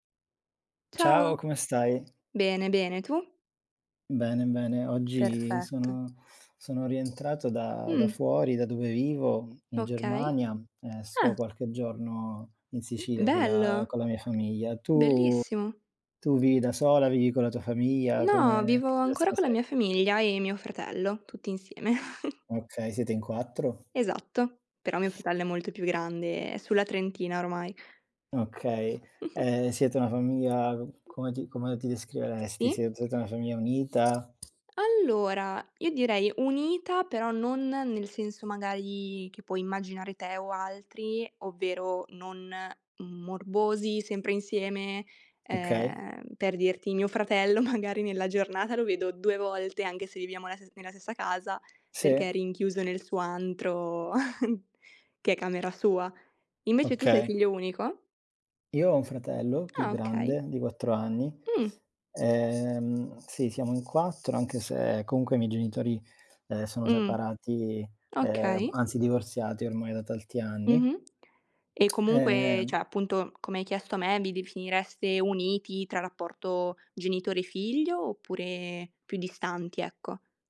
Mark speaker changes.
Speaker 1: Ciao,
Speaker 2: Ciao.
Speaker 1: come stai?
Speaker 2: Bene, bene, tu?
Speaker 1: Bene, bene. Oggi
Speaker 2: Perfetto.
Speaker 1: sono sono rientrato da da
Speaker 2: Mh.
Speaker 1: fuori, da dove vivo in
Speaker 2: Okay.
Speaker 1: Germania e sto
Speaker 2: Ah.
Speaker 1: qualche giorno in Sicilia con la
Speaker 2: Bello.
Speaker 1: con la mia famiglia. Tu
Speaker 2: Bellissimo.
Speaker 1: tu vivi da sola, vivi con la tua famiglia?
Speaker 2: No,
Speaker 1: Come
Speaker 2: vivo
Speaker 1: che
Speaker 2: ancora
Speaker 1: [unintelligible]
Speaker 2: con la
Speaker 1: sei?
Speaker 2: mia famiglia e mio fratello, tutti insieme.
Speaker 1: Okay, siete in 4?
Speaker 2: Esatto, però mio fratello è molto più grande, è sulla trentina ormai.
Speaker 1: Okay. E siete una famiglia come ti come ti descriveresti? Se
Speaker 2: Sì.
Speaker 1: siete una famiglia unita?
Speaker 2: Allora, io direi unita, però non nel senso magari che puoi immaginare te o altri, ovvero non morbosi, sempre insieme.
Speaker 1: Okay.
Speaker 2: Ehm, per dirti, mio fratello magari nella giornata lo vedo 2 volte, anche se viviamo la ste nella stessa casa
Speaker 1: Sì.
Speaker 2: perché è rinchiuso nel suo antro, che è camera sua. Invece tu sei
Speaker 1: Okay.
Speaker 2: figlio unico?
Speaker 1: Io ho un fratello più
Speaker 2: Ah okay.
Speaker 1: grande di 4 anni,
Speaker 2: Mh.
Speaker 1: ehm, sì, siamo in 4, anche se comunque i miei genitori, ehm, sono
Speaker 2: Mh.
Speaker 1: separati, ehm,
Speaker 2: Okay.
Speaker 1: anzi divorziati ormai da tanti anni.
Speaker 2: Mh-mh. E comunque, cioè
Speaker 1: Ehm
Speaker 2: appunto, come hai chiesto a me: vi definireste uniti tra rapporto genitore figlio oppure più distanti, ecco?